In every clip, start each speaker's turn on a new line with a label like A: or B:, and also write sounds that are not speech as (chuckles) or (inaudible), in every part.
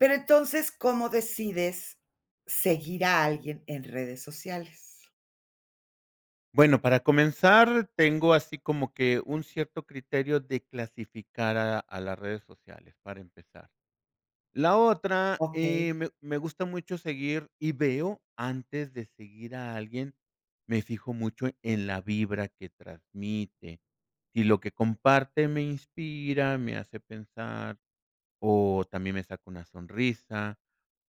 A: Pero entonces, ¿cómo decides seguir a alguien en redes sociales?
B: Bueno, para comenzar tengo así como que un cierto criterio de clasificar a la a las redes sociales, para empezar. La otra, eh,
A: Okey.
B: me me gusta mucho seguir y veo, antes de seguir a alguien, me fijo mucho en la vibra que transmite. Sí, lo que comparte me inspira, me hace pensar, o también me saca una sonrisa,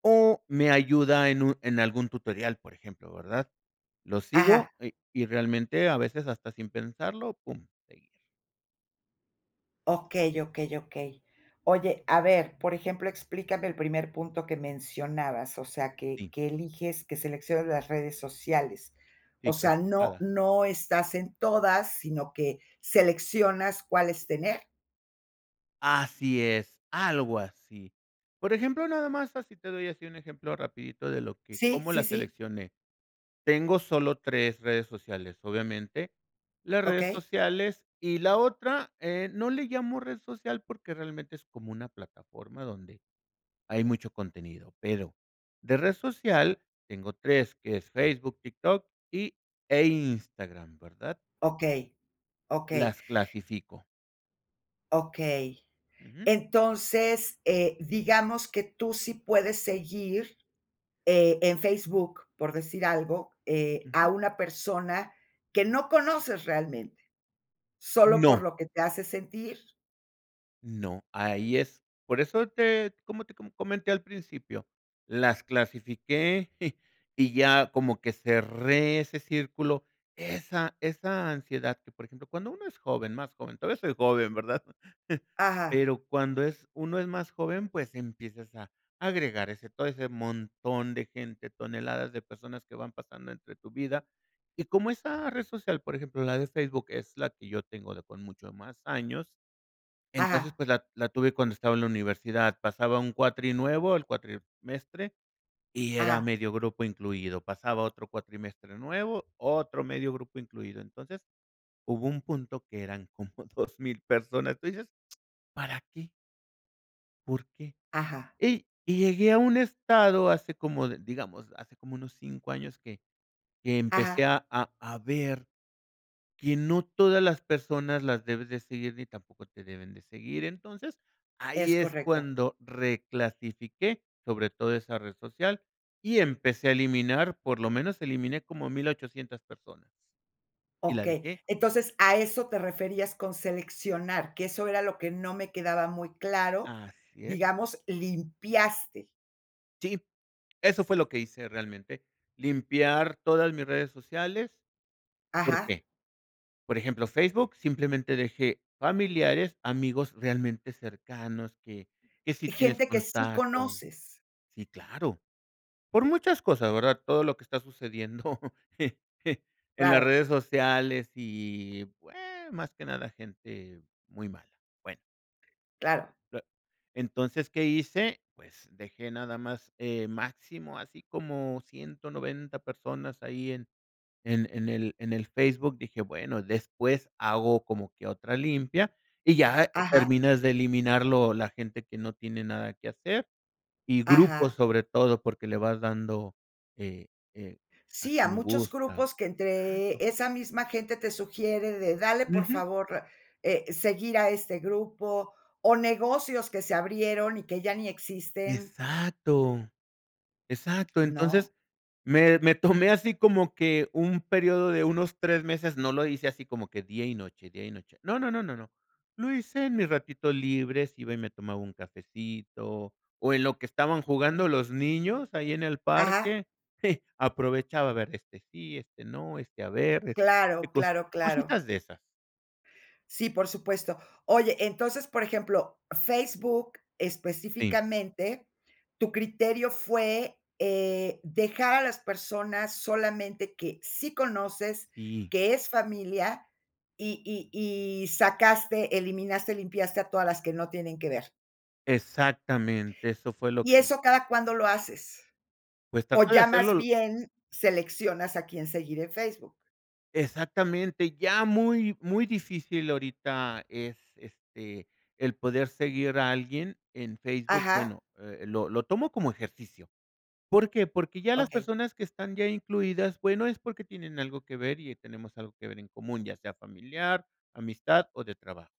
B: o me ayuda en un en algún tutorial, por ejemplo, ¿verdad? Lo
A: Ajá.
B: sigo y y realmente a veces hasta sin pensarlo, pum, seguir.
A: Okey, okey, okey. Oye, a ver, por ejemplo, explícame el primer punto que mencionabas, o sea, que
B: Sí.
A: que eliges que seleccionas las redes sociales. O
B: Sí,
A: sea, no
B: clasificadas.
A: no estás en todas, sino que seleccionas cuáles tener.
B: Así es, algo así. Por ejemplo, nada más así te doy así un ejemplo rapidito de lo que
A: Sí,
B: cómo la
A: sí, sí.
B: seleccioné. Tengo solo 3 redes sociales, obviamente. Las redes
A: Okey.
B: sociales y la otra, eh, no le llamo red social porque realmente es como una plataforma donde hay mucho contenido, pero de red social tengo 3 que es Facebook, TikTok y e Instagram, ¿verdad?
A: Okey. Okey.
B: Las clasifico.
A: Okey.
B: Ujú.
A: Entonces, eh, digamos que tú sí puedes seguir, eh, en Facebook, por decir algo, eh,
B: Ujú.
A: a una persona que no conoces realmente. Solo
B: No.
A: por lo que te hace sentir.
B: No, ahí es por eso te como te co comenté al principio, las clasifiqué (chuckles) y ya como que cerré ese círculo, esa esa ansiedad que, por ejemplo, cuando uno es joven, más joven, todavía soy joven, ¿verdad?
A: Ajá.
B: Pero, cuando es uno es más joven, pues, empiezas a agregar ese, todo ese montón de gente, toneladas de personas que van pasando entre tu vida. Y como esa red social, por ejemplo, la de Facebook, es la que yo tengo de con mucho más años. Entonces,
A: Ajá.
B: pues la la tuve cuando estaba en la universidad. Pasaba un cuatri nuevo, el cuatrimestre y era
A: Ajá.
B: medio grupo incluido. Pasaba otro cuatrimestre nuevo, otro medio grupo incluido. Entonces, hubo un punto que eran como 2000, personas. Tú dices, (smacks lips) ¿para qué? ¿Por qué?
A: Ajá.
B: Y y llegué a un estado hace como de digamos, hace como unos 5, años, que que empecé
A: Ajá.
B: a a a ver que no todas las personas las debes de seguir, ni tampoco te deben de seguir. Entonces, ahí
A: Es
B: es
A: correcto.
B: cuando reclasifiqué, sobre todo esa red social, y empecé a eliminar, por lo menos eliminé como 1800, personas y la
A: Okey,
B: dejé.
A: entonces a eso te referías con seleccionar, que eso era lo que no me quedaba muy claro,
B: Así es.
A: digamos, limpiaste.
B: Sí, eso fue lo que hice realmente, limpiar todas mis redes sociales, ¿por
A: Ajá.
B: qué? Por ejemplo, Facebook, simplemente dejé familiares, amigos realmente cercanos, que que sí tienes
A: Gente que sí
B: contacto
A: conoces.
B: sí, claro. Por muchas cosas, ¿verdad? Todo lo que está sucediendo en las
A: Claro.
B: redes sociales y, bueno, más que nada gente muy mala. Bueno.
A: Claro.
B: Ah entonces, ¿qué hice? Pues, dejé nada más, eh, máximo así como 190 personas ahí en en en el en el Facebook. Dije: "Bueno, después hago como que otra limpia", y ya
A: Ajá.
B: terminas de eliminar lo la gente que no tiene nada que hacer y grupos,
A: Ajá.
B: sobre todo, porque le vas dando, eh eh,
A: Sí,
B: así
A: a
B: me
A: muchos
B: gusta
A: grupos que
B: exacto.
A: entre esa misma gente te sugiere de: "Dale, por
B: Ujú.
A: favor, eh, seguir a este grupo", o negocios que se abrieron y que ya ni existen.
B: Exacto. Exacto.
A: (smacks lips) ¿No?
B: Entonces, me me tomé así como que un periodo de unos 3 meses, no lo hice así como que día y noche, día y noche. No, no, no, no, no. Lo hice en mis ratitos libres, iba y me tomaba un cafecito, o en lo que estaban jugando los niños ahí en el
A: Ajá.
B: parque, (giggles) aprovechaba a ver este sí, este no, este a ver, este
A: Claro,
B: cos
A: claro, claro.
B: cositas de esas.
A: Sí, por supuesto. Oye, entonces, por ejemplo, Facebook
B: Sí.
A: específicamente, tu criterio fue, eh, dejar a las personas solamente que sí conoces,
B: Sí.
A: que es familia, y y y sacaste, eliminaste, limpiaste a todas las que no tienen que ver.
B: Exactamente, eso fue lo
A: ¿Y
B: que hice.
A: eso cada cuándo lo haces?
B: Pues,
A: ¿O
B: trata de
A: ya
B: hacerlo
A: más
B: lo
A: bien seleccionas a quién seguir en Facebook?
B: Exactamente, ya muy muy difícil ahorita es este el poder seguir a alguien en Facebook.
A: Ajá.
B: Bueno, eh, lo lo tomo como ejercicio, ¿por qué? Porque ya las
A: Okey.
B: personas que están ya incluidas, bueno, es porque tienen algo que ver y tenemos algo que ver en común, ya sea familiar, amistad o de trabajo.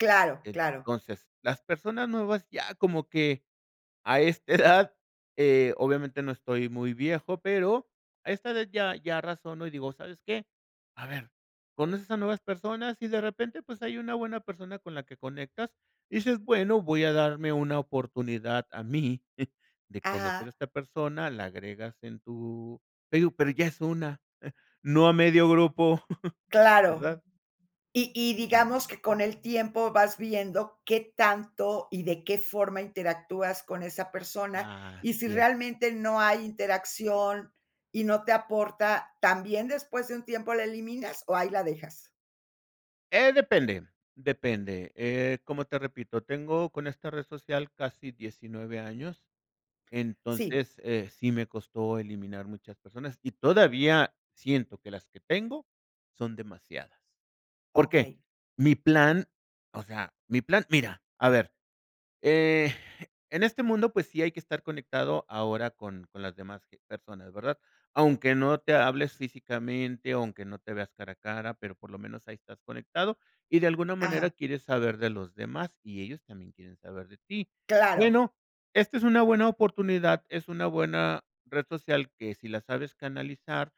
A: Claro, claro.
B: Entonces, las personas nuevas ya como que a esta (chuckles) edad, eh, obviamente no estoy muy viejo, pero a esta edad ya ya razono y digo: "¿Sabes qué?" A ver, conoces a nuevas personas y de repente, pues, hay una buena persona con la que conectas y dices: "Bueno, voy a darme una oportunidad a mí (chuckles) de conocer a
A: Ajá.
B: esta persona", la agregas en tu te digo, pero ya es una, no a medio grupo, (chuckles)
A: Claro.
B: ¿verdad?
A: Y y
B: Sí.
A: digamos que con el tiempo vas viendo qué tanto y de qué forma interactúas con esa persona. Y si
B: Así es.
A: realmente no hay interacción y no te aporta, ¿también después de un tiempo la eliminas o ahí la dejas?
B: Eh, depende depende. Eh, como te repito, tengo con esta red social casi 19, años.
A: Sí.
B: Entonces, eh, sí me costó eliminar muchas personas y todavía siento que las que tengo son demasiadas, ¿por qué?
A: Okey.
B: Mi plan, o sea, mi plan mira, a ver, eh, en este mundo, pues sí hay que estar conectado ahora con con las demás, eh, personas, ¿verdad? Aunque no te hables físicamente, aunque no te veas cara a cara, pero, por lo menos ahí estás conectado y de alguna manera
A: Ajá.
B: quieres saber de los demás, y ellos también quieren saber de ti.
A: Claro.
B: Bueno, esta es una buena oportunidad, es una buena red social que si la sabes canalizar,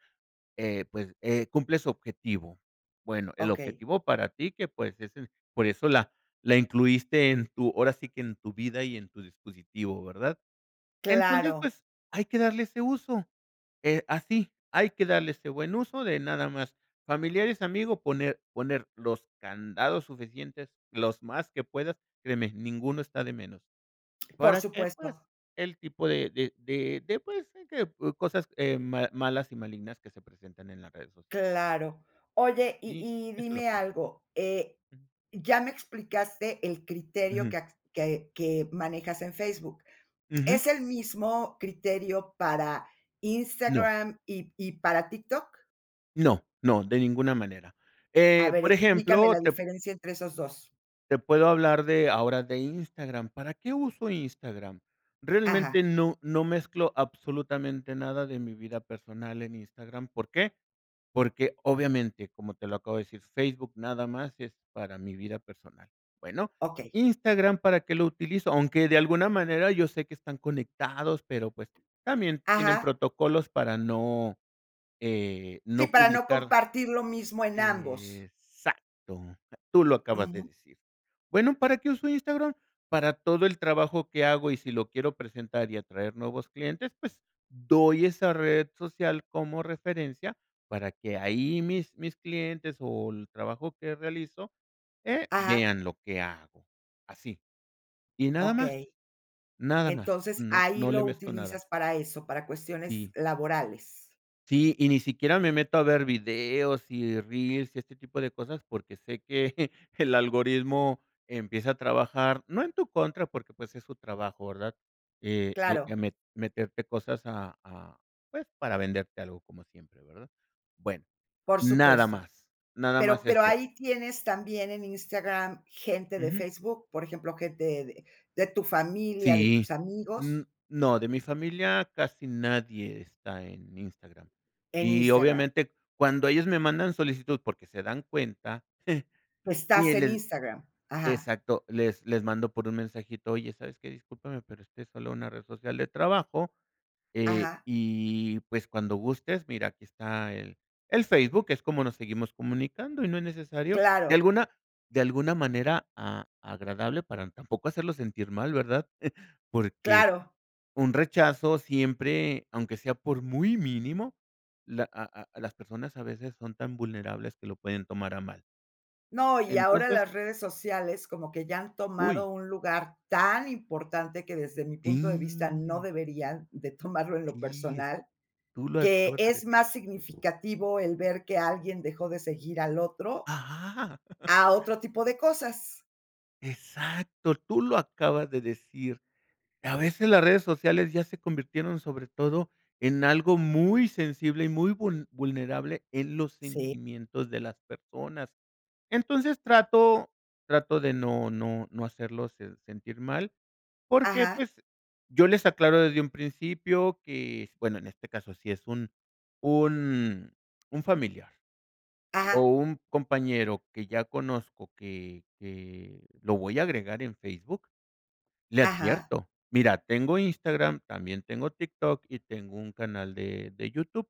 B: eh, pues, eh, cumple su objetivo. Bueno, el
A: Okey.
B: objetivo para ti, que, pues, es en por eso la la incluiste en tu, ahora sí que en tu vida y en tu dispositivo, ¿verdad? Entonces,
A: Claro.
B: pues, hay que darle ese uso. Eh, así hay que darle ese buen uso de nada más familiares, amigos, poner poner los candados suficientes, los más que puedas, créeme, ninguno está de menos,
A: Por
B: ¿para qué?
A: supuesto.
B: Pues, el tipo de de de de pues, de que, uh, cosas, eh, ma malas, y malignas que se presentan en las redes sociales
A: Claro. Oye, y
B: Sí,
A: y
B: eso es lo
A: dime
B: que (unintelligible)
A: algo. Eh,
B: Mm.
A: ya me explicaste el criterio
B: Ujú.
A: que a que que manejas en Facebook,
B: Ujú.
A: ¿es el mismo criterio para
B: No.
A: Instagram y y para TikTok?
B: No no, de ninguna manera.
A: A
B: Eh,
A: ver,
B: por
A: explícame
B: ejemplo,
A: la
B: te
A: diferencia entre esos 2.
B: te puedo hablar de ahora de Instagram, ¿para qué uso Instagram?
A: Ajá.
B: Realmente no no mezclo absolutamente nada de mi vida personal en Instagram, ¿por qué? Porque, obviamente, como te lo acabo de decir, Facebook nada más es para mi vida personal, bueno,
A: Okey.
B: Instagram, ¿para qué lo utilizo? Aunque de alguna manera yo sé que están conectados, pero pues, también tienen
A: Ajá.
B: protocolos para no, eh,
A: Sí,
B: no
A: para no
B: publicar.
A: compartir lo mismo en ambos.
B: Exacto, tú lo acabas de
A: Ujú.
B: decir. Bueno, ¿para qué uso Instagram? Para todo el trabajo que hago y si lo quiero presentar y atraer nuevos clientes, pues, doy esa red social como referencia para que ahí mis mis clientes, o el trabajo que realizo, eh,
A: Ajá.
B: vean lo que hago así, ¿y nada más?
A: Okey.
B: Nada más,
A: Entonces,
B: no
A: ahí
B: no le
A: lo
B: mezclo nada.
A: utilizas para eso, para cuestiones
B: Sí.
A: laborales.
B: Sí, y ni siquiera me meto a ver videos y reels y este tipo de cosas, porque, sé que (laughs) el algoritmo empieza a trabajar, no en tu contra, porque, pues, es su trabajo, ¿verdad? Eh eh,
A: Claro.
B: ya me meterte cosas a a, pues, para venderte algo como siempre, ¿verdad? Bueno,
A: Por
B: nada
A: supuesto,
B: más nada
A: pero
B: más
A: pero,
B: eso.
A: ¿ahí tienes también en Instagram, gente de
B: Ujú.
A: Facebook, por ejemplo, gente de de tu familia, de
B: Sí.
A: tus amigos?
B: N no, de mi familia casi nadie está en Instagram.
A: En
B: Y
A: Instagram.
B: obviamente, cuando ellos me mandan solicitud porque, se dan cuenta
A: Tú
B: (chuckles) y
A: estás en
B: el
A: Instagram, ajá.
B: exacto les les mando por un mensajito, oye sabes que discúlpame pero este es solo una red social de trabajo, eh,
A: Ajá.
B: y pues, cuando gustes mira aquí está el el Facebook que es como nos seguimos comunicando y no es necesario, de
A: Claro.
B: alguna de alguna manera a agradable para tampoco hacerlo sentir mal, ¿verdad? (chuckles) Porque,
A: Claro.
B: un rechazo siempre, aunque sea por muy mínimo, la a a las personas a veces son tan vulnerables que lo pueden tomar a mal.
A: No, y ahora
B: Entonces
A: las redes sociales, como que ya han
B: ¡Uy!
A: tomado un lugar tan importante que desde mi punto de vista, no
B: Y
A: deberían de (chuckles) tomarlo en lo
B: Sí es
A: personal,
B: tú las
A: que
B: acabas de
A: es
B: decir.
A: más significativo el ver que alguien dejó de seguir al otro
B: ¡Ajá! (chuckles)
A: a otro, a otro tipo de cosas.
B: Exacto, tú lo acabas de decir. A veces las redes sociales ya se convirtieron sobre todo en algo muy sensible y muy vul vulnerable en los
A: Sí.
B: sentimientos de las personas. Entonces, trato trato de no no no hacerlos sen sentir mal, porque
A: Ajá.
B: pues, yo les aclaro desde un principio que es, bueno en este caso si es un un un familiar, o
A: Ajá.
B: un compañero que ya conozco que que lo voy a agregar en Facebook, le
A: Ajá.
B: advierto. Mira, tengo Instagram, también tengo TikTok y tengo un canal de de YouTube,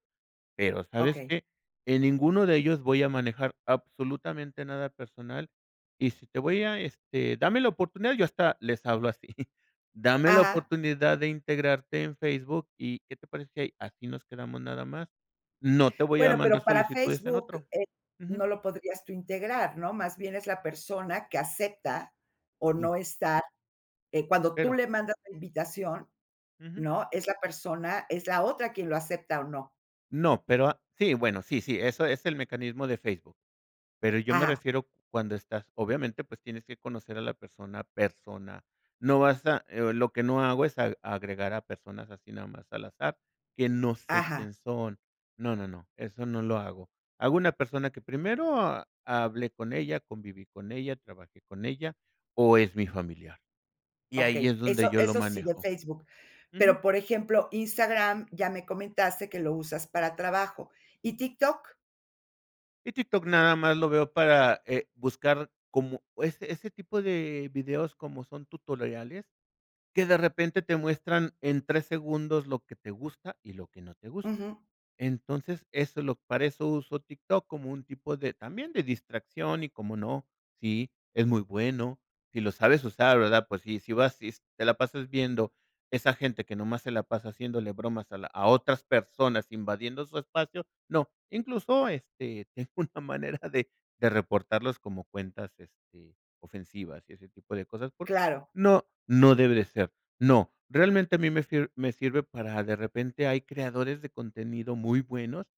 B: pero, ¿sabes
A: Okey.
B: qué? En ninguno de ellos voy a manejar absolutamente nada personal y si te voy a, este, dame la oportunidad, yo hasta les hablo así. (chuckles) Dame la
A: Ajá.
B: oportunidad de integrarte en Facebook y, ¿qué te parece si aquí nos quedamos nada más? No te voy a
A: Bueno,
B: mandar
A: pero, para
B: solicitudes en
A: Facebook,
B: otro.
A: eh,
B: Ujú.
A: no lo podrías tú integrar, ¿no? Más bien es la persona que acepta o
B: Y.
A: no estar, eh, cuando tú
B: Pero
A: le mandas la invitación,
B: Ujú.
A: ¿no? Es la persona es la otra quien lo acepta o no.
B: No, pero, ah, sí, bueno, sí sí, eso es el mecanismo de Facebook. Pero, yo me
A: Ajá.
B: refiero cuando estás, obviamente, pues, tienes que conocer a la persona persona. No vas a, eh, lo que no hago es a agregar a personas así nada más al azar, que no sé
A: Ajá.
B: quién son. No, no, no, eso no lo hago. Hago una persona que primero hable con ella, conviví con ella, trabajé con ella, o es mi familiar. Y ahí
A: Okey,
B: es donde
A: eso
B: yo lo
A: eso sí de
B: manejo.
A: Facebook,
B: Ujú.
A: pero, por ejemplo, Instagram ya me comentaste que lo usas para trabajo, ¿y TikTok?
B: Y TikTok nada más lo veo para, eh, buscar como ese ese tipo de videos como son tutoriales, que de repente te muestran en 3 segundos lo que te gusta, y lo que no te gusta.
A: Ujú.
B: Entonces, eso lo para eso uso TikTok como un tipo de también de distracción y cómo no, sí, es muy bueno, si lo sabes usar, ¿verdad? Pues, si si vas y te la pasas viendo esa gente que nomás se la pasa haciéndole bromas a la a otras personas, invadiendo su espacio, no. Incluso, este, tengo una manera de de reportarlos como cuentas, este, ofensivas y ese tipo de cosas por
A: Claro.
B: no, no debe de ser. No. Realmente a mí me sir me sirve para de repente hay creadores de contenido muy buenos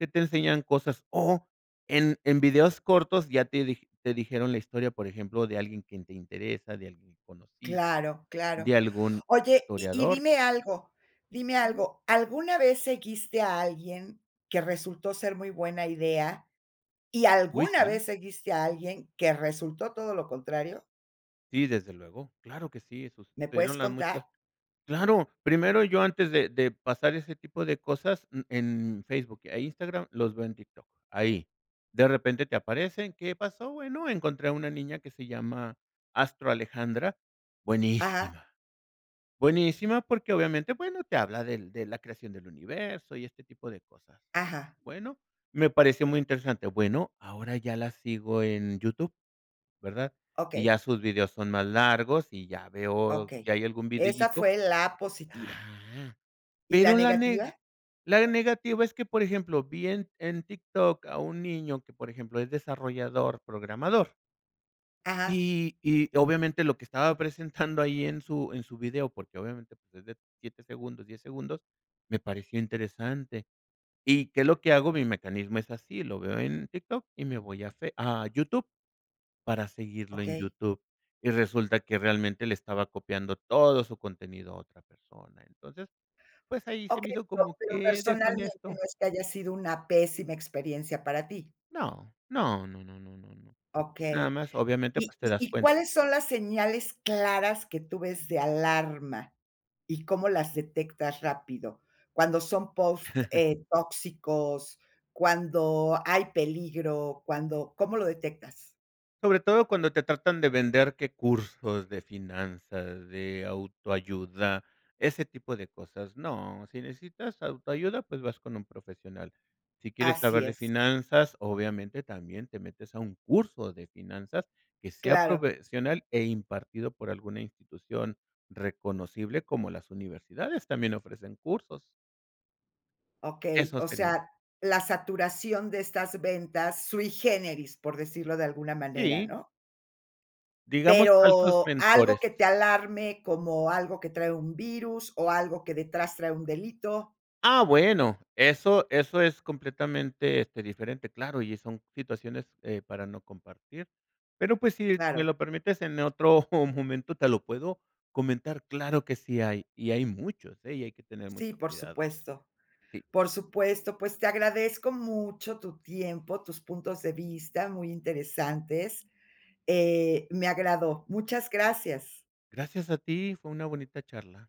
B: que te enseñan cosas, o en en videos cortos ya te dij te dijeron la historia, por ejemplo, de alguien que te interesa, de alguien que conociste,
A: Claro,
B: de
A: claro.
B: algún
A: Oye, y y
B: historiador.
A: dime algo dime
B: Ujú.
A: algo, ¿alguna vez seguiste a alguien que resultó ser muy buena idea? ¿Y
B: Uy,
A: alguna
B: si.
A: vez seguiste a alguien que resultó todo lo contrario?
B: Sí, desde luego. Claro que sí, esos
A: ¿Me puedes contar?
B: (unintelligible) claro, primero yo antes de de pasar ese tipo de cosas, mm, en Facebook e Instagram, los veo en TikTok, ahí. De repente, te aparecen, ¿qué pasó? Bueno, encontré a una niña que se llama Astro Alejandra,
A: Ajá.
B: buenísima, buenísima, porque, obviamente, bueno, te habla del de la creación del universo y este tipo de cosas.
A: Ajá.
B: Bueno, me pareció muy interesante, bueno, ahora ya la sigo en YouTube, ¿verdad? Y ya
A: Okey.
B: sus videos son más largos y ya veo que
A: Okey,
B: algún
A: esa
B: videíto
A: fue la positiva.
B: ajá.
A: ¿Y la
B: Pero la neg
A: negativa?
B: la negativa es que, por ejemplo, vi en en TikTok a un niño que, por ejemplo, es desarrollador programador.
A: Ajá.
B: Y y, obviamente, lo que estaba (chuckles) presentando ahí en su en su video, porque obviamente, pues, es de 7 segundos, 10 segundos, me pareció interesante. ¿Y qué es lo que hago? Mi mecanismo es así, lo veo en TikTok y me voy a fe a YouTube para seguirlo en
A: Okey.
B: YouTube, y resulta que, realmente, le estaba copiando todo su contenido a otra persona. Entonces, pues, ahí se me
A: Okey,
B: hizo
A: pero
B: como
A: pero,
B: que
A: personalmente, ¿no
B: deshonesto.
A: es que haya sido una pésima experiencia para ti?
B: No, no no no no no no. Nada
A: Okey.
B: más, obviamente,
A: ¿Y
B: pues, te
A: y
B: das
A: y
B: cuenta.
A: cuáles son las señales claras que tú ves de alarma? ¿Y cómo las detectas rápido cuando son posts,
B: (laughs)
A: eh, tóxicos?, cuando hay peligro, cuando ¿cómo lo detectas?
B: Sobre todo cuando te tratan de vender, qué cursos de finanzas, de autoayuda, ese tipo de cosas, no, sí necesitas autoayuda pues vas con un profesional. Si quieres
A: Así
B: saber de
A: es.
B: finanzas, obviamente también te metes a un curso de finanzas que sea
A: Claro.
B: profesional e impartido por alguna institución reconocible como las universidades también ofrecen cursos.
A: Okey,
B: Eso
A: o
B: sería.
A: sea, la saturación de estas ventas, sui generis, por decirlo de alguna manera,
B: SÍ.
A: ¿no?
B: Digamos, altos
A: Pero, algo que
B: mentores.
A: te alarme, como algo que trae un virus o algo que detrás trae un delito.
B: Ah bueno, eso eso es completamente, este, diferente, claro, y son situaciones, eh, para no compartir, pero pues sí me
A: Claro.
B: lo permites en otro momento te lo puedo comentar, claro que sí hay, y hay muchos, eh, y hay que tener
A: Sí,
B: mucho
A: por
B: cuidado.
A: supuesto.
B: Sí.
A: Por supuesto, pues te agradezco mucho tu tiempo, tus puntos de vista muy interesantes. Eh, me agradó. Muchas gracias.
B: Gracias a ti, fue una bonita charla.